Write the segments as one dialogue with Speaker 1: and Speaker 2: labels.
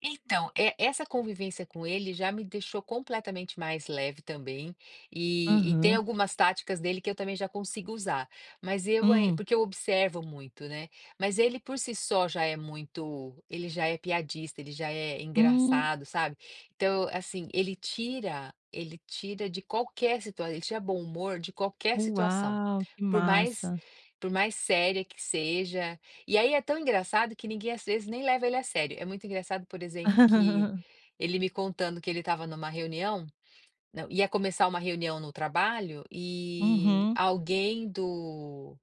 Speaker 1: Então, é, essa convivência com ele já me deixou completamente mais leve também, e tem
Speaker 2: Aham.
Speaker 1: algumas táticas dele que eu também já consigo usar, mas eu
Speaker 2: Hum.
Speaker 1: porque eu observo muito, né, mas ele por si só já é muito, ele já é piadista, ele já é
Speaker 2: Hum.
Speaker 1: engraçado, sabe, então assim, ele tira ele tira de qualquer situa ele tira bom humor de qualquer situação,
Speaker 2: Uau, que
Speaker 1: por mais
Speaker 2: massa.
Speaker 1: por mais séria que seja, e aí é tão engraçado que ninguém às vezes nem leva ele a sério, é muito engraçado por exemplo que, ele me contando que ele estava em uma reunião não, ia começar uma reunião no trabalho, e,
Speaker 2: Uhum.
Speaker 1: alguém do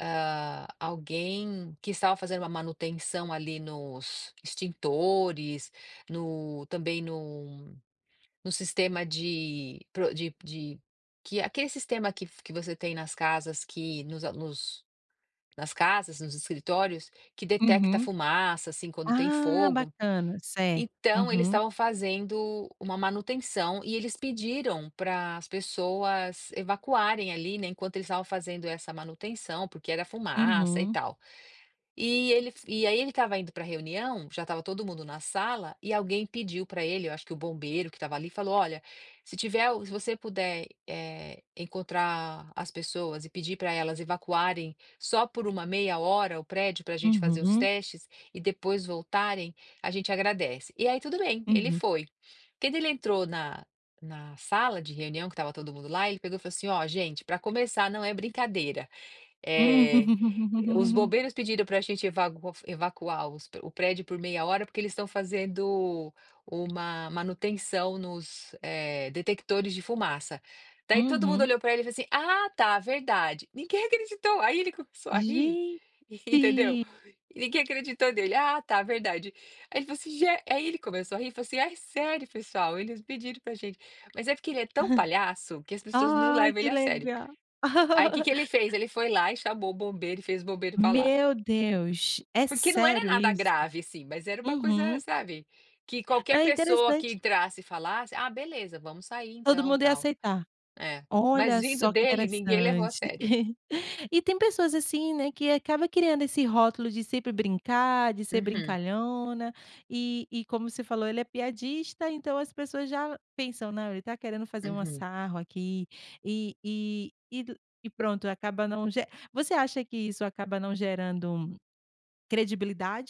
Speaker 1: ah, alguém que estava fazendo uma manutenção ali nos extintores, no também no no sistema de pro de de que aquele sistema que que você tem nas casas que, nos nos nas casas, nos escritórios, que detecta
Speaker 2: Uhum.
Speaker 1: fumaça assim quando tem
Speaker 2: Ah,
Speaker 1: fogo,
Speaker 2: bacana, certo,
Speaker 1: então eles
Speaker 2: uhum.
Speaker 1: estavam fazendo uma manutenção e eles pediram para as pessoas evacuarem ali, enquanto eles estavam fazendo essa manutenção, porque era fumaça e
Speaker 2: Uhum.
Speaker 1: tal, e ele e aí ele estava indo para reunião, já estava todo mundo na sala, e alguém pediu para ele, eu acho que o bombeiro que estava ali falou: "Olha, se tiver o se você puder, eh, encontrar as pessoas e pedir para elas evacuarem só por uma meia hora o prédio para gente fazer os
Speaker 2: Uhum.
Speaker 1: testes e depois voltarem, a gente agradece", e aí tudo bem, ele
Speaker 2: Uhum.
Speaker 1: foi, quando ele entrou na na sala de reunião que estava todo mundo lá, ele pegou e falou assim: "Olha gente, para começar não é brincadeira,
Speaker 2: Hum.
Speaker 1: eh, os bombeiros pediram para gente evago o evacuar os o prédio por meia hora porque eles estão fazendo uma manutenção nos detectores de fumaça". Daí todo mundo
Speaker 2: Uhum.
Speaker 1: olhou para ele e falou assim: "Ah tá, verdade". Ninguém acreditou, aí ele começou a ri entendeu,
Speaker 2: Gente.
Speaker 1: ninguém acreditou nele, ah tá, verdade. Aí ele falo assim: "ge". Aí ele começou a rir e falou assim: "É sério pessoal, eles pediram para gente", mas é porque ele é tão palhaço que as pessoas não
Speaker 2: Ai
Speaker 1: levam ele
Speaker 2: que
Speaker 1: a sério.
Speaker 2: legal.
Speaker 1: Aí que que ele fez? Ele foi lá e chamou o bombeiro e fez o bombeiro falar.
Speaker 2: Meu Deus, é
Speaker 1: Porque não era
Speaker 2: sério
Speaker 1: nada
Speaker 2: isso.
Speaker 1: grave, assim, mas era uma coisa,
Speaker 2: Uhum.
Speaker 1: sabe, que qualquer
Speaker 2: É
Speaker 1: pessoa que
Speaker 2: interessante.
Speaker 1: entrasse e falasse, ah, beleza, vamos sair
Speaker 2: Todo
Speaker 1: então
Speaker 2: mundo ia
Speaker 1: tal,
Speaker 2: aceitar,
Speaker 1: é, mas
Speaker 2: olha
Speaker 1: vindo
Speaker 2: só que
Speaker 1: dele ninguém levou a
Speaker 2: interessante,
Speaker 1: sério.
Speaker 2: e tem pessoas assim, né, que acaba criando esse rótulo de sempre brincar, de ser
Speaker 1: Uhum.
Speaker 2: brincalhona, e e como você falou: "Ele é piadista", então as pessoas já pensam não ele está querendo fazer um
Speaker 1: Uhum.
Speaker 2: sarro aqui, e e e do, e pronto acaba não ge você acha que isso acaba não gerando, credibilidade?